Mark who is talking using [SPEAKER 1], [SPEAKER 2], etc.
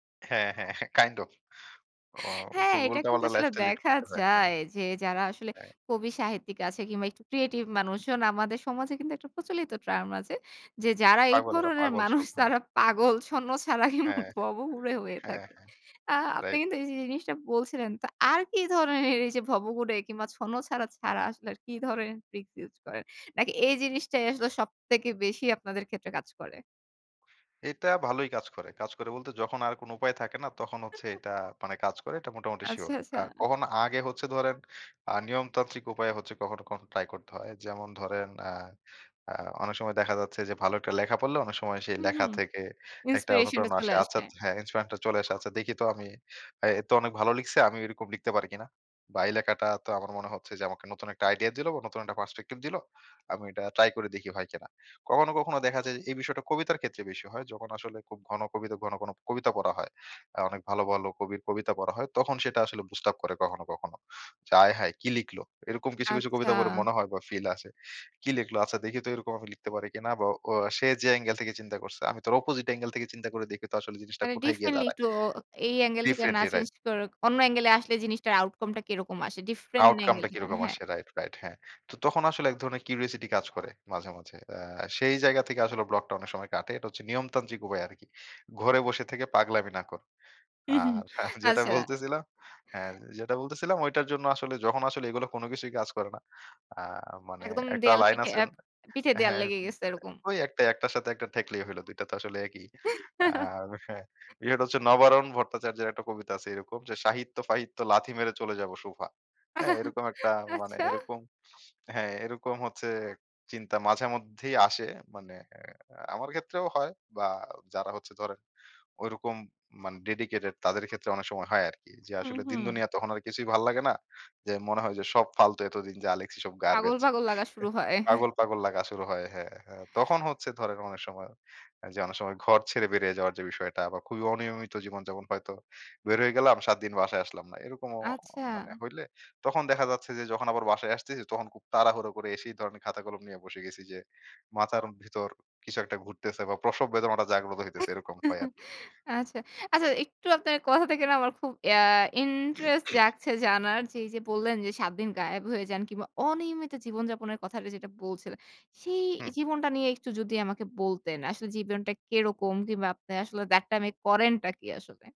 [SPEAKER 1] হ্যাঁ, হ্যাঁ, kind of ও
[SPEAKER 2] হ্যাঁ,
[SPEAKER 1] খুব
[SPEAKER 2] এটা কিন্তু
[SPEAKER 1] উলটাপালটা
[SPEAKER 2] আসলে
[SPEAKER 1] লাইফটা lead
[SPEAKER 2] দেখা
[SPEAKER 1] করতে হয়। হ্যাঁ।
[SPEAKER 2] যায় যে, যারা আসলে
[SPEAKER 1] হ্যাঁ।
[SPEAKER 2] কবি সাহিত্যিক আছে কিংবা একটু creative মানুষজন, আমাদের সমাজে কিন্তু একটা প্রচলিত term আছে যে, যারা এই
[SPEAKER 1] পাগল এরা,
[SPEAKER 2] ধরনের
[SPEAKER 1] পাগল
[SPEAKER 2] মানুষ,
[SPEAKER 1] সব। হ্যাঁ।
[SPEAKER 2] তারা পাগল, ছন্নছাড়া কিংবা
[SPEAKER 1] হ্যাঁ, হ্যাঁ।
[SPEAKER 2] ভবঘুরে হয়ে
[SPEAKER 1] হ্যাঁ,
[SPEAKER 2] থাকে।
[SPEAKER 1] হ্যাঁ।
[SPEAKER 2] আ আপনি
[SPEAKER 1] রাইট।
[SPEAKER 2] কিন্তু এই জিনিসটা বলছিলেন, তো আর কি ধরনের এইযে ভবঘুরে কিংবা ছন্নছাড়া ছাড়া, আসলে কি ধরনের ট্রিকস ইউজ করেন? নাকি এই জিনিসটাই আসলে সবথেকে বেশি আপনাদের ক্ষেত্রে কাজ করে?
[SPEAKER 1] এটা ভালোই কাজ করে। কাজ করে বলতে, যখন আর কোন উপায় থাকে না, তখন হচ্ছে এটা মানে কাজ করে। এটা মোটামুটি
[SPEAKER 2] আচ্ছা,
[SPEAKER 1] শিওর। আ
[SPEAKER 2] আচ্ছা।
[SPEAKER 1] কখনো আগে হচ্ছে ধরেন, আ নিয়মতান্ত্রিক উপায়েও হচ্ছে কখনো, কখনো ট্রাই করতে হয়। যেমন ধরেন, আ আ অনেক সময় দেখা যাচ্ছে যে, ভালো একটা লেখা পড়লে অনেক সময় সেই
[SPEAKER 2] হুম, হু।
[SPEAKER 1] লেখা থেকে একটা
[SPEAKER 2] Inspiration টা
[SPEAKER 1] অনুপ্রেরণা আসে।
[SPEAKER 2] চলে
[SPEAKER 1] আচ্ছা,
[SPEAKER 2] আসে।
[SPEAKER 1] হ্যাঁ, ইন্সপিরেশন চলে আসে। আচ্ছা, দেখি তো আমি, এ তো অনেক ভালো লিখছে, আমি এরকম লিখতে পারি কিনা। বা এই লেখাটা তো আমার মনে হচ্ছে যে আমাকে নতুন একটা আইডিয়া দিল, বা নতুন একটা perspective দিল। আমি এটা ট্রাই করে দেখি, হয় কিনা। কখনো, কখনো দেখা যায় যে, এই বিষয়টা কবিতার ক্ষেত্রে বেশি হয়। যখন আসলে খুব ঘন কবিতা ঘন, ঘন কবিতা পড়া হয়, আ অনেক ভালো, ভালো কবির কবিতা পড়া হয়, তখন সেটা আসলে boost up করে কখনো, কখনো। যে, আয় হায়! কী লিখলো? এরকম কিছু, কিছু কবিতা পড়ে
[SPEAKER 2] আচ্ছা।
[SPEAKER 1] মনে হয় বা, ফিল আসে, কী লিখলো? আচ্ছা, দেখি তো, এরকম আমি লিখতে পারি কিনা। বা ও সে যে angel থেকে চিন্তা করছে, আমি তার opposite angel থেকে চিন্তা করে দেখি তো, আসলে জিনিসটা
[SPEAKER 2] মানে
[SPEAKER 1] কোথায় গিয়ে
[SPEAKER 2] differently,
[SPEAKER 1] দাঁড়ায়।
[SPEAKER 2] একটু ও এই angel থেকে না
[SPEAKER 1] Differently, রাইট।
[SPEAKER 2] চেঞ্জ করে অন্য angel এ আসলে জিনিসটার outcome টা কিরকম আসে? Different
[SPEAKER 1] Outcome
[SPEAKER 2] angel
[SPEAKER 1] টা
[SPEAKER 2] থেকে।
[SPEAKER 1] কিরকম
[SPEAKER 2] হ্যাঁ।
[SPEAKER 1] আসে, রাইট, রাইট, হ্যাঁ। তো তখন আসলে এক ধরনের curosity কাজ করে মাঝে, মাঝে। আ সেই জায়গা থেকে আসলে ব্লকটা অনেক সময় কাটে। এটা হচ্ছে নিয়মতান্ত্রিক উপায় আরকি। ঘরে বসে থেকে পাগলামি না কর। আর যেটা
[SPEAKER 2] আচ্ছা।
[SPEAKER 1] বলতেছিলাম হ্যাঁ, যে যেটা বলতেছিলাম, ঐটার জন্য আসলে যখন আসলে এগুলো কোন কিছুই কাজ করে না, আ মানে
[SPEAKER 2] একদম
[SPEAKER 1] একটা
[SPEAKER 2] দেওয়াল
[SPEAKER 1] লাইন
[SPEAKER 2] পিঠে
[SPEAKER 1] আছে
[SPEAKER 2] আ
[SPEAKER 1] না
[SPEAKER 2] পিঠে দেওয়াল
[SPEAKER 1] হ্যাঁ,
[SPEAKER 2] লেগে গেছে এরকম।
[SPEAKER 1] ওই একটাই একটার সাথে একটা ঠেকলেই হইলো। দুইটা তো আসলে একই। আর হ্যা, বিষয়টা হচ্ছে, "নবারুণ ভট্টাচার্যের একটা কবিতা আছে এরকম যে, সাহিত্য-ফাহিত্য লাথি মেরে চলে যাব সুভা।"
[SPEAKER 2] আহ
[SPEAKER 1] হ্যাঁ, এরকম একটা মানে
[SPEAKER 2] আচ্ছা।
[SPEAKER 1] এরকম হ্যাঁ, এরকম হচ্ছে চিন্তা মাঝেমধ্যেই আসে। মানে এ আমার ক্ষেত্রেও হয়, বা যারা হচ্ছে ধরেন ঐরকম মানে dedicated, তাদের ক্ষেত্রে অনেক সময় হয় আরকি। যে
[SPEAKER 2] হু,
[SPEAKER 1] আসলে দিন
[SPEAKER 2] হু।
[SPEAKER 1] দুনিয়া তখন আর কিছুই ভালো লাগে না। যে মনে হয় যে সব ফালতু, এতদিন যা লেখছি সব
[SPEAKER 2] পাগল,
[SPEAKER 1] garbage।
[SPEAKER 2] পাগল লাগা শুরু হয়।
[SPEAKER 1] পাগল, পাগল লাগা শুরু হয়। হ্যাঁ, হ্যাঁ, তখন হচ্ছে ধরেন অনেক সময় যে অনেক সময় ঘর ছেড়ে বেরিয়ে যাওয়ার যে বিষয়টা, বা খুবই অনিয়মিত জীবনযাপন, হয়তো বের হয়ে গেলাম, ৭ দিন বাসায় আসলাম না। এরকমও মানে,
[SPEAKER 2] আচ্ছা।
[SPEAKER 1] হইলে তখন দেখা যাচ্ছে যে, যখন আবার বাসায় আসতেছি, তখন খুব তাড়াহুড়ো করে এসেই ধরেন খাতা কলম নিয়ে বসে গেছি। যে মাথার ভিতর কিছু একটা ঘুরতেছে বা, প্রসব বেদনাটা জাগ্রত হইতেছে। এরকম হয় আরকি।
[SPEAKER 2] আচ্ছা। আচ্ছা, একটু আপনার কথা থেকে না, আমার খুব ইয়া ইন্টারেস্ট জাগছে জানার। যে এইযে বললেন যে, ৭ দিন গায়েব হয়ে যান কিংবা অনিয়মিত জীবনযাপনের কথাটা যেটা বলছিলেন, সেই
[SPEAKER 1] হু।
[SPEAKER 2] জীবনটা নিয়ে একটু যদি আমাকে বলতেন। আসলে জীবনটা কেরকম কিংবা আপনার আসলে that time এ কারেনটা কি আসলে?